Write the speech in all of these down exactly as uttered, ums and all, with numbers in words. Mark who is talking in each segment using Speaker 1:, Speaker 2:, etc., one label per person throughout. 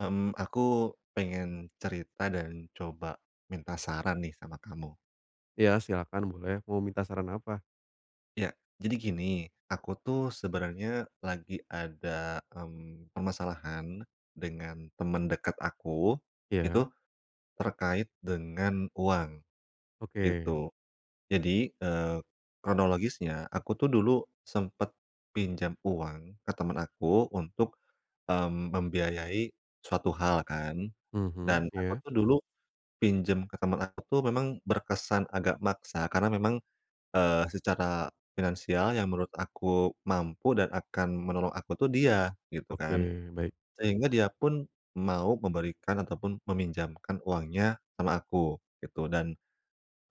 Speaker 1: Mmm, aku pengen cerita dan coba minta saran nih sama kamu.
Speaker 2: Iya, silakan boleh, mau minta saran apa?
Speaker 1: Iya, jadi gini, aku tuh sebenarnya lagi ada, mmm, permasalahan dengan temen dekat aku, itu
Speaker 2: Iya.
Speaker 1: terkait dengan uang,
Speaker 2: Oke.
Speaker 1: gitu. Jadi, eee, kronologisnya aku tuh dulu sempat pinjam uang ke teman aku untuk, mmm, membiayai suatu hal kan.
Speaker 2: Mmm,
Speaker 1: Dan aku
Speaker 2: iya?
Speaker 1: tuh dulu pinjam ke teman aku tuh memang berkesan agak maksa, karena memang, eee, secara finansial yang menurut aku mampu dan akan menolong aku tuh dia, gitu kan.
Speaker 2: Oke, baik.
Speaker 1: Sehingga dia pun mau memberikan ataupun meminjamkan uangnya sama aku gitu. Dan,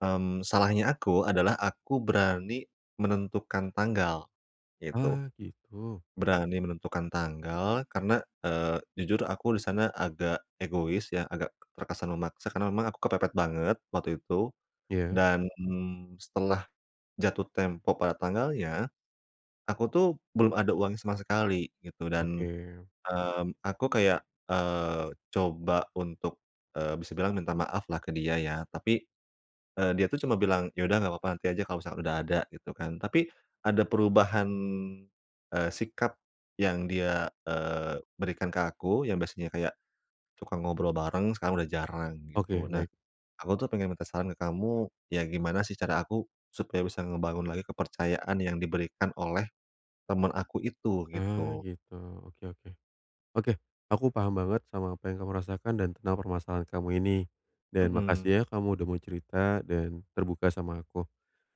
Speaker 1: mmm, salahnya aku adalah aku berani menentukan tanggal, gitu.
Speaker 2: Wah, gitu.
Speaker 1: Berani menentukan tanggal karena, eee, jujur aku di sana agak egois ya, agak t terkesan memaksa karena memang aku kepepet banget waktu itu.
Speaker 2: Iya.
Speaker 1: Dan, mmm, setelah jatuh tempo pada tanggalnya, aku tuh belum ada uang sama sekali gitu dan,
Speaker 2: Oke.
Speaker 1: mmm, aku kayak, eee, coba untuk, eee, bisa bilang minta maaf lah ke dia ya. Tapi, eee, dia tuh cuma bilang, "Ya udah nggak apa-apa, nanti aja kalau misalkan udah ada," gitu kan. Tapi ada perubahan, eee, sikap yang dia, eee, berikan ke aku, yang biasanya kayak suka ngobrol bareng, sekarang udah jarang
Speaker 2: Oke,
Speaker 1: gitu. Nah,
Speaker 2: baik.
Speaker 1: aku tuh pengen minta saran ke kamu, ya gimana sih cara aku supaya bisa ngebangun lagi kepercayaan yang diberikan oleh teman aku itu
Speaker 2: Ah,
Speaker 1: gitu?
Speaker 2: gitu. Oke oke. Oke, aku paham banget sama apa yang kamu rasakan dan tentang permasalahan kamu ini. Dan
Speaker 1: Mmm.
Speaker 2: makasih ya, kamu udah mau cerita dan terbuka sama aku.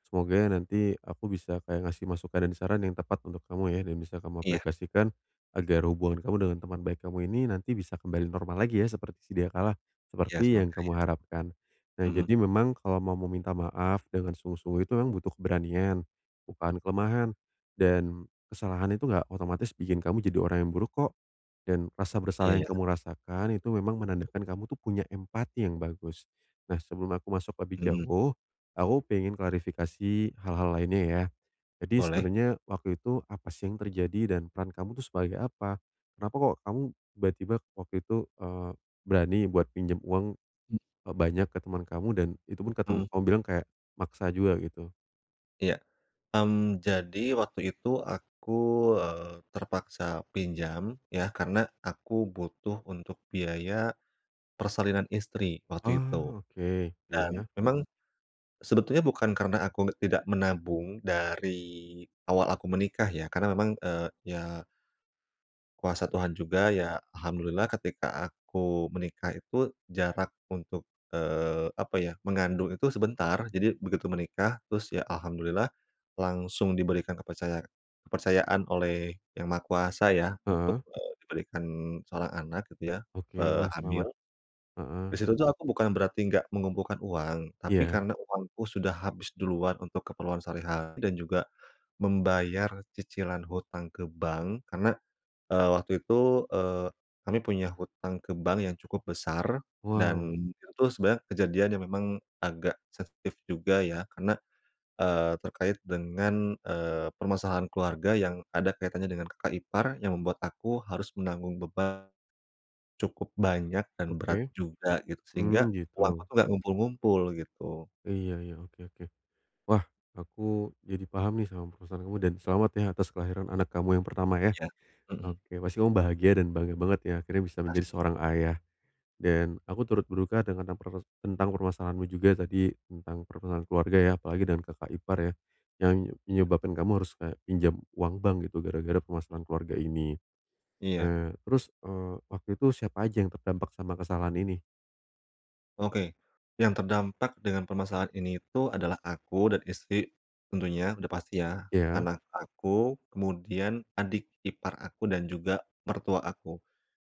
Speaker 2: Semoga nanti aku bisa kayak ngasih masukan dan saran yang tepat untuk kamu ya, dan bisa kamu
Speaker 1: Iya.
Speaker 2: aplikasikan agar hubungan kamu dengan teman baik kamu ini nanti bisa kembali normal lagi ya, seperti sediakala,
Speaker 1: Iya,
Speaker 2: seperti yang
Speaker 1: semoga ya.
Speaker 2: kamu harapkan. Nah,
Speaker 1: M
Speaker 2: jadi memang kalau mau meminta maaf dengan sungguh-sungguh itu memang butuh keberanian, bukan kelemahan. Dan kesalahan itu nggak otomatis bikin kamu jadi orang yang buruk kok, dan rasa
Speaker 1: Iya,
Speaker 2: bersalah yang
Speaker 1: ya.
Speaker 2: kamu rasakan itu memang menandakan kamu tuh punya empati yang bagus. Nah, sebelum aku masuk lebih
Speaker 1: Mmm.
Speaker 2: jauh, aku pengen klarifikasi hal-hal lainnya ya. Jadi
Speaker 1: Boleh.
Speaker 2: sebenarnya waktu itu apa sih yang terjadi dan peran kamu itu sebagai apa? Kenapa kok, kamu tiba-tiba waktu itu, eee, berani buat pinjam uang
Speaker 1: Mmm.
Speaker 2: e banyak ke teman kamu dan itupun katu
Speaker 1: Mmm.
Speaker 2: kamu bilang kayak maksa juga gitu?
Speaker 1: Iya. Mmm, jadi waktu itu aku, eee, terpaksa pinjam ya, karena aku butuh untuk biaya persalinan istri waktu itu.
Speaker 2: Oh, oke. Iya
Speaker 1: Dan
Speaker 2: iya.
Speaker 1: memang sebetulnya bukan karena aku nggak tidak menabung dari awal aku menikah ya, karena memang, eee, ya kuasa Tuhan juga ya, alhamdulillah ketika aku menikah itu jarak untuk, eee, apa ya, mengandung itu sebentar. Jadi begitu menikah terus ya alhamdulillah langsung diberikan kepercaya kepercayaan oleh Yang Maha Kuasa ya untuk,
Speaker 2: Heeh.
Speaker 1: eee, diberikan seorang anak gitu ya,
Speaker 2: Oke.
Speaker 1: eee,
Speaker 2: Wah,
Speaker 1: hamil.
Speaker 2: selamat.
Speaker 1: Di
Speaker 2: Heeh.
Speaker 1: situ tuh aku bukan berarti nggak mengumpulkan uang, tapi
Speaker 2: Iya.
Speaker 1: karena uangku sudah habis duluan untuk keperluan sehari-hari dan juga membayar cicilan hutang ke bank. Karena, eee, waktu itu, eee, kami punya hutang ke bank yang cukup besar dan
Speaker 2: Wow.
Speaker 1: itu tu sebenarnya kejadian yang memang agak sensitif juga ya karena, eee, terkait dengan, eee, permasalahan keluarga yang ada kaitannya dengan kakak ipar yang membuat aku harus menanggung beban cukup banyak dan berat
Speaker 2: Oke.
Speaker 1: juga gitu. Sehingga
Speaker 2: Mmm,
Speaker 1: uangku
Speaker 2: gitu.
Speaker 1: tu nggak ngumpul-ngumpul gitu.
Speaker 2: Iya iya, oke oke. Wah, aku jadi paham nih sama permasahan kamu dan selamat ya atas kelahiran anak kamu yang pertama ya.
Speaker 1: Ya, mhm.
Speaker 2: Oke, pasti kamu bahagia dan bangga banget ya akhirnya bisa menjadi
Speaker 1: Pasti.
Speaker 2: seorang ayah, dan aku turut berduka dengan yang proses tentang permasalahanmu juga tadi tentang pertengaran keluarga ya. Apalagi dengan kakak ipar ya, yang menyebabkan kamu harus kayak pinjam uang bank gitu gara-gara permasalahan keluarga ini.
Speaker 1: Iya.
Speaker 2: Eee, terus, eee, waktu itu siapa aja yang terdampak sama kesalahan ini?
Speaker 1: Oke, yang terdampak dengan permasalahan ini itu adalah aku dan istri, tentunya, udah pasti ya,
Speaker 2: Ya?
Speaker 1: anak aku, kemudian adik ipar aku dan juga, mertua aku.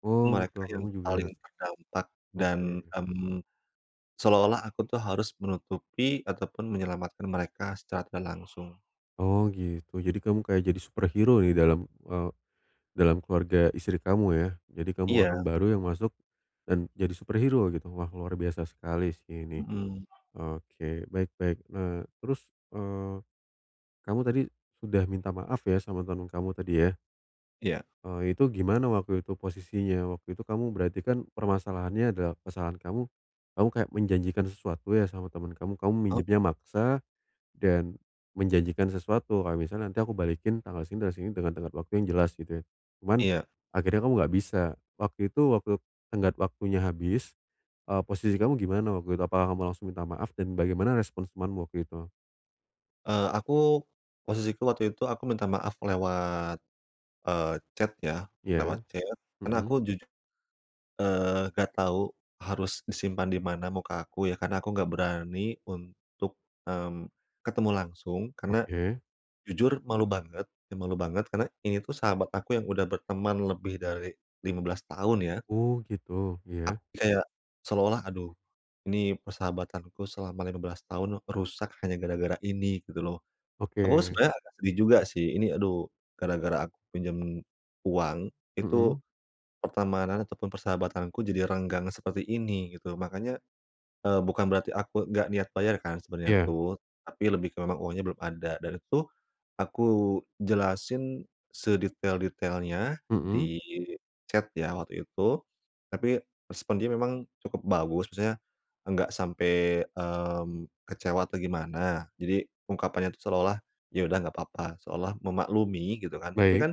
Speaker 2: Oh,
Speaker 1: Mereka
Speaker 2: mertua
Speaker 1: yang
Speaker 2: kamu
Speaker 1: paling
Speaker 2: juga.
Speaker 1: terdampak, dan,
Speaker 2: Oke.
Speaker 1: mmm, seolah-olah aku tuh harus menutupi ataupun menyelamatkan mereka secara tidak langsung.
Speaker 2: Oh gitu. Jadi kamu kayak jadi superhero ya dalam, eee, dalam keluarga istri kamu ya? Jadi kamu
Speaker 1: Iya.
Speaker 2: orang baru yang masuk, dan jadi superhero gitu. Wah, luar biasa sekali sih ini.
Speaker 1: Mhm.
Speaker 2: Oke, baik baik, eee, terus, eee, kamu tadi, sudah minta maaf ya sama teman kamu tadi ya?
Speaker 1: Iya.
Speaker 2: Eee, itu gimana waktu itu posisinya? Waktu itu kamu berarti kan, permasalahannya adalah kesalahan kamu, kamu kayak menjanjikan sesuatu ya sama teman kamu. Kamu
Speaker 1: Oh.
Speaker 2: minjemnya maksa, dan, menjanjikan sesuatu, kalau misalnya nanti aku balikin tanggal segini, tanggal segini dengan tenggat waktu yang jelas, gitu ya. Cuman,
Speaker 1: Iya.
Speaker 2: akhirnya kamu enggak bisa. Waktu itu waktu tenggat waktunya habis, eee, posisi kamu gimana waktu itu? Apakah kamu langsung minta maaf? Dan bagaimana respon temanmu waktu itu?
Speaker 1: Eee, aku, posisiku waktu itu, aku minta maaf lewat, eee, chat ya, lewat
Speaker 2: Ya,
Speaker 1: chat. Karena
Speaker 2: mhm.
Speaker 1: aku juju eee, gak tahu harus disimpan di mana muka aku ya, karena aku nggak berani untuk, mmm, ketemu langsung. Karena,
Speaker 2: Oke.
Speaker 1: jujur malu banget, ya, malu banget, karena ini tuh sahabat aku yang udah berteman lebih dari lima belas tahun, ya.
Speaker 2: Oh, gitu.
Speaker 1: Ak
Speaker 2: Iya.
Speaker 1: kayak, seolah-olah, "Aduh, ini persahabatanku selama lima belas tahun aku rusak hanya gara-gara ini," gitu loh. Aku
Speaker 2: Oke.
Speaker 1: sebenarnya agak sedih juga, sih. Ini, "Aduh, gara-gara aku pinjam uang, itu
Speaker 2: Mhm.
Speaker 1: pertemanan ataupun persahabatanku jadi renggang seperti ini," gitu. Makanya, eee, bukan berarti aku nggak niat bayar, kan, sebenernya
Speaker 2: Iya.
Speaker 1: tuh, tapi lebih ke memang uangnya belum ada. Dan itu tuh, aku jelasin sedetail-detailnya,
Speaker 2: Mhm.
Speaker 1: di chat ya, waktu itu, tapi respon dia memang cukup bagus. Maksudnya, enggak sampai, mmm, kecewa atau gimana. Jadi, ungkapannya itu, seolah-olah, "Ya udah, nggak apa-apa." Seolah memaklumi, gitu kan. Tapi
Speaker 2: Baik.
Speaker 1: kan,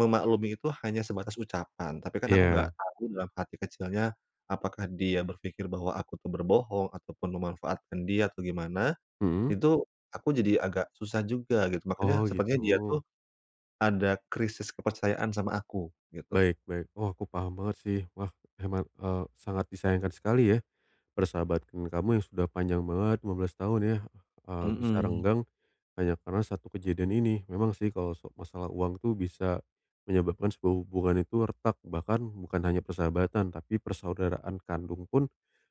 Speaker 1: memaklumi itu hanya sebatas ucapan. Tapi kan aku nggak
Speaker 2: Iya.
Speaker 1: tahu, dalam hati kecilnya, apakah dia berpikir bahwa aku tuh berbohong ataupun memanfaatkan dia, atau gimana.
Speaker 2: Mhm.
Speaker 1: Itu, aku jadi agak susah juga, gitu. Makanya,
Speaker 2: Oh,
Speaker 1: sepertinya dia tuh,
Speaker 2: gitu.
Speaker 1: ada krisis kepercayaan sama aku, gitu.
Speaker 2: Baik baik. Wah, aku paham banget, sih. Wah, hemat eee, sangat disayangkan sekali ya, persahabatan kamu yang sudah panjang banget, lima belas tahun ya, eee, bisa
Speaker 1: Mhm.
Speaker 2: renggang hanya karena satu kejadian ini. Memang sih, kalau so masalah uang tuh bisa menyebabkan sebuah hubungan itu retak. Bahkan, bukan hanya persahabatan, tapi persaudaraan kandung pun,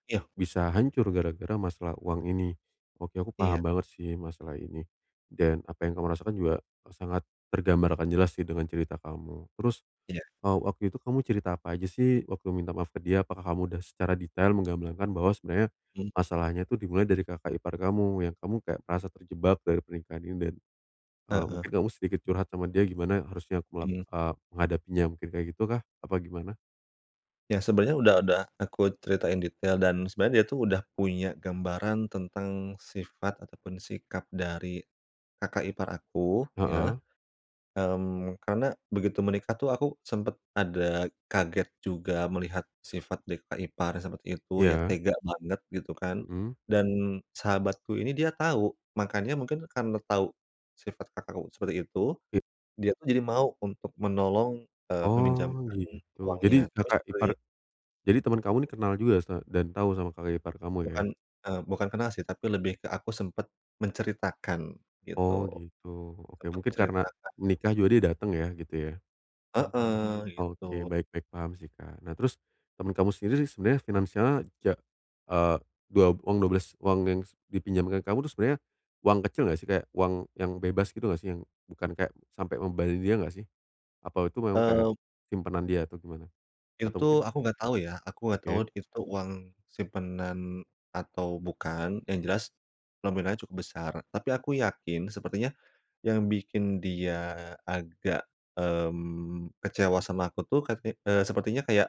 Speaker 1: Iya.
Speaker 2: bisa hancur gara-gara masalah uang ini. Oke, aku
Speaker 1: Iya.
Speaker 2: paham banget sih, masalah ini. Dan, apa yang kamu rasakan juga, e sangat tergambarkan jelas sih, dengan cerita kamu. Terus,
Speaker 1: Iya.
Speaker 2: eee, waktu itu kamu cerita apa aja sih, waktu minta maaf ke dia? Apakah kamu udah secara detail menggamblangkan bahwa sebenarnya,
Speaker 1: Mmm.
Speaker 2: masalahnya itu dimulai dari kakak ipar kamu, yang kamu kayak merasa terjebak dari pernikahan ini. Dan, eee,
Speaker 1: Heeh.
Speaker 2: mungkin kamu sedikit curhat sama dia, gimana harusnya aku mela
Speaker 1: Mmm.
Speaker 2: eee, menghadapinya. Mungkin kayak gitukah, apa gimana?
Speaker 1: Ya, sebenarnya udah udah aku ceritain detail dan sebenarnya dia tuh udah punya gambaran tentang sifat ataupun sikap dari kakak ipar aku, ya.
Speaker 2: Heeh.
Speaker 1: Mmm, karena begitu menikah tuh aku sempet ada kaget juga melihat sifat di kakak ipar seperti itu ya,
Speaker 2: Iya.
Speaker 1: tega banget gitu kan.
Speaker 2: Mhm.
Speaker 1: Dan sahabatku ini dia tahu, makanya mungkin karena tahu sifat kakakku seperti itu,
Speaker 2: Iya.
Speaker 1: dia tuh jadi mau untuk menolong, eee,
Speaker 2: Oh,
Speaker 1: meminjamkan
Speaker 2: gitu. Jadi
Speaker 1: uangnya. Terus
Speaker 2: kakak ipar
Speaker 1: dari
Speaker 2: jadi temen kamu nih kenal juga sa dan tahu sama kakak ipar kamu ya.
Speaker 1: Bukan, e bukan kenal sih, tapi lebih ke aku sempat menceritakan
Speaker 2: Oh,
Speaker 1: gitu.
Speaker 2: gitu. Oke,
Speaker 1: Sempat
Speaker 2: mungkin karena
Speaker 1: menceritakan
Speaker 2: nikah juga dia datang ya, gitu ya?
Speaker 1: Heeh,
Speaker 2: Oke,
Speaker 1: gitu.
Speaker 2: baik baik paham sih, Kak. Nah terus temen kamu sendiri sebenarnya finansialnya ja eee, duab uang dua belas uang yang s dipinjamkan kamu itu sebenarnya uang kecil enggak sih? Kayak uang yang bebas gitu enggak sih, yang bukan kayak sampai ngebahayain dia nggak sih? Apa itu memang kayak
Speaker 1: Eee.
Speaker 2: simpanan dia atau gimana?
Speaker 1: Itu
Speaker 2: Atau
Speaker 1: tuh
Speaker 2: mungkin
Speaker 1: aku enggak tahu ya. Aku enggak tahu
Speaker 2: Oke.
Speaker 1: itu tuh uang simpanan atau bukan, yang jelas nominalnya cukup besar. Tapi aku yakin sepertinya yang bikin dia agak, mmm, kecewa sama aku tuh kayak, eee, sepertinya kayak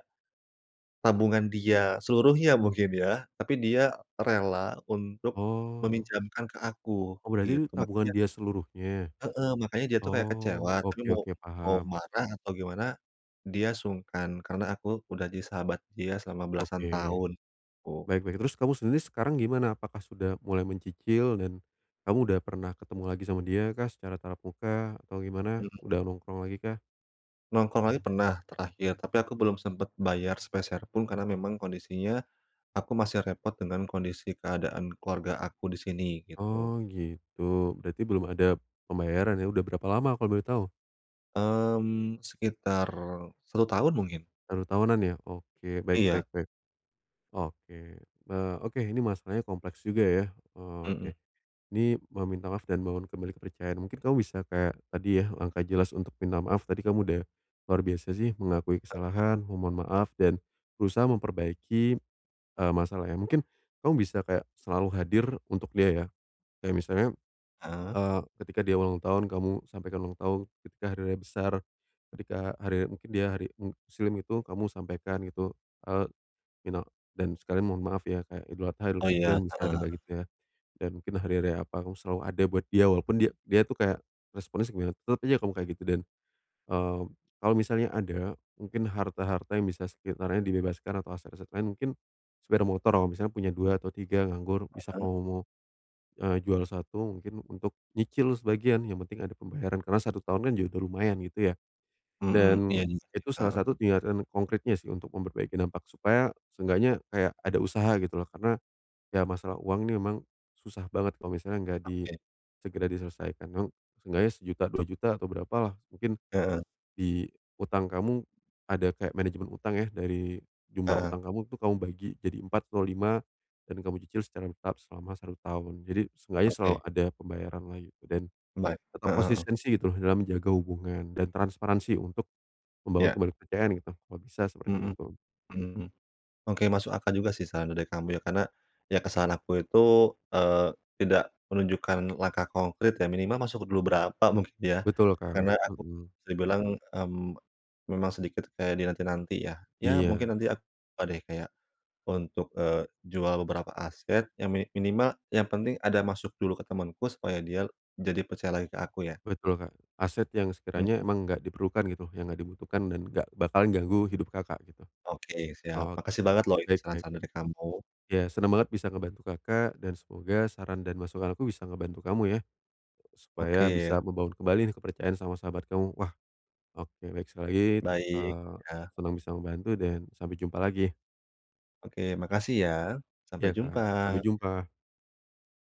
Speaker 1: tabungan dia seluruhnya mungkin ya, tapi dia rela untuk
Speaker 2: Oh.
Speaker 1: meminjamkan ke aku,
Speaker 2: Oh, berarti itu
Speaker 1: gitu.
Speaker 2: tabungan
Speaker 1: Makannya
Speaker 2: dia seluruhnya.
Speaker 1: Heeh. Makanya dia tuh kayak
Speaker 2: Oh,
Speaker 1: kecewa, tapi
Speaker 2: oke
Speaker 1: mau
Speaker 2: oke,
Speaker 1: mau
Speaker 2: paham.
Speaker 1: marah atau gimana, dia sungkan karena aku udah jadi sahabat dia selama belasan
Speaker 2: Oke.
Speaker 1: tahun, gitu.
Speaker 2: Baik baik, terus kamu sendiri sekarang gimana? Apakah sudah mulai mencicil dan kamu udah pernah ketemu lagi sama dia kah secara tatap muka atau gimana,
Speaker 1: Mhm.
Speaker 2: udah nongkrong lagi kah?
Speaker 1: Nongkrong lagi pernah, terakhir. Tapi aku belum sempat bayar sepeser pun, karena memang kondisinya, aku masih repot dengan kondisi keadaan keluarga aku di sini, gitu.
Speaker 2: Oh, gitu. Berarti belum ada pembayaran, ya. Udah berapa lama, kalau boleh tahu?
Speaker 1: Mmm, sekitar satu tahun, mungkin.
Speaker 2: satu tahunan, ya. Oke, baik
Speaker 1: Iya.
Speaker 2: baik baik. Oke. Eee, oke, ini masalahnya kompleks juga, ya. Eee, oke.
Speaker 1: Mhm.
Speaker 2: Ini mau minta maaf dan bangun kembali kepercayaan. Mungkin kamu bisa kayak tadi ya, langkah jelas untuk minta maaf, tadi kamu udah luar biasa, sih. Mengakui
Speaker 1: Heeh.
Speaker 2: kesalahan, memohon maaf, dan berusaha memperbaiki, eee, masalahnya. Mungkin, kamu bisa kayak selalu hadir untuk dia, ya. Kayak misalnya,
Speaker 1: Heeh.
Speaker 2: eee, ketika dia ulang tahun kamu sampaikan ulang tahun, ketika hari raya besar ketika hari mungkin dia hari muslim gitu, kamu sampaikan, gitu. Eee, minal dan sekalian mohon maaf ya, kayak Idul Adha, Idul
Speaker 1: Oh
Speaker 2: Fitri,
Speaker 1: iya,
Speaker 2: kan bisa
Speaker 1: heeh
Speaker 2: aja kayak
Speaker 1: heeh.
Speaker 2: gitu, ya. Dan mungkin hari raya apa, kamu selalu ada buat dia. Walaupun dia dia tuh kayak responnya segimana, tetep aja kamu kayak gitu. Dan, mmm, kalau misalnya ada, mungkin harta-harta yang bisa sekitarnya dibebaskan atau aset-aset lain, mungkin sepeda motor kamu misalnya punya dua atau tiga nganggur, bisa
Speaker 1: Heeh.
Speaker 2: kamu mau, eee, jual satu mungkin, untuk nyicil sebagian. Yang penting ada pembayaran. Karena satu tahun kan juga udah lumayan, gitu ya.
Speaker 1: Mhm. Iya
Speaker 2: Dan,
Speaker 1: juga sih,
Speaker 2: itu salah
Speaker 1: heeh.
Speaker 2: satu tinggakan konkritnya sih, untuk memperbaiki dampak. Supaya, seenggaknya kayak ada usaha, gitu loh. Karena, ya masalah uang ini memang susah banget kalau misalnya nggak di
Speaker 1: Oke.
Speaker 2: segera diselesaikan. Kamu, seenggaknya sejuta, dua juta, atau berapalah. Mungkin
Speaker 1: Heeh.
Speaker 2: di utang kamu, ada kayak manajemen utang ya, dari jumlah
Speaker 1: Heeh.
Speaker 2: utang kamu, itu kamu bagi jadi empat atau lima, dan kamu cicil secara bertahap selama satu tahun. Jadi, seenggaknya selalu
Speaker 1: Oke.
Speaker 2: ada pembayaran lah, gitu. Dan,
Speaker 1: M baik
Speaker 2: tetap
Speaker 1: heeh heeh.
Speaker 2: konsistensi, gitu loh, dalam menjaga hubungan dan transparansi untuk membangun
Speaker 1: Ya.
Speaker 2: kembali kepercayaan gitu, kalau bisa seperti
Speaker 1: Mhm,
Speaker 2: itu.
Speaker 1: mhm. Oke, masuk akal juga sih, saran dari kamu, ya. Karena, ya kesalahan aku itu, eee, tidak menunjukkan langkah konkrit, ya. Minimal masuk dulu berapa, mungkin ya.
Speaker 2: Betul Kak,
Speaker 1: Karena aku,
Speaker 2: mhm.
Speaker 1: bisa dibilang, mmm, memang sedikit kayak dinanti-nanti, ya. Ya,
Speaker 2: Iya.
Speaker 1: mungkin nanti ak ba deh, kayak, untuk, eee, jual beberapa aset yang mini minimal, yang penting ada masuk dulu ke temanku, supaya dia l jadi percaya lagi ke aku, ya.
Speaker 2: Betul Kak, aset yang sekiranya
Speaker 1: Mhm.
Speaker 2: emang nggak diperlukan, gitu loh. Yang nggak dibutuhkan dan nggak bakalan ganggu hidup Kakak, gitu.
Speaker 1: Oke, siap. Makasih
Speaker 2: Oke,
Speaker 1: banget loh ini,
Speaker 2: baik baik.
Speaker 1: saran-saran dari kamu.
Speaker 2: Ya, senang banget bisa ngebantu Kakak, dan semoga saran dan masukan aku bisa ngebantu kamu ya,
Speaker 1: Oke,
Speaker 2: supaya bisa
Speaker 1: ya.
Speaker 2: membangun kembali nih, kepercayaan sama sahabat kamu. Wah, oke. Baik, sekali lagi,
Speaker 1: Baik,
Speaker 2: eee
Speaker 1: ya.
Speaker 2: senang bisa membantu dan sampai jumpa lagi.
Speaker 1: Oke, makasih ya. Sampai
Speaker 2: Iya Kak, sampai
Speaker 1: jumpa.
Speaker 2: jumpa.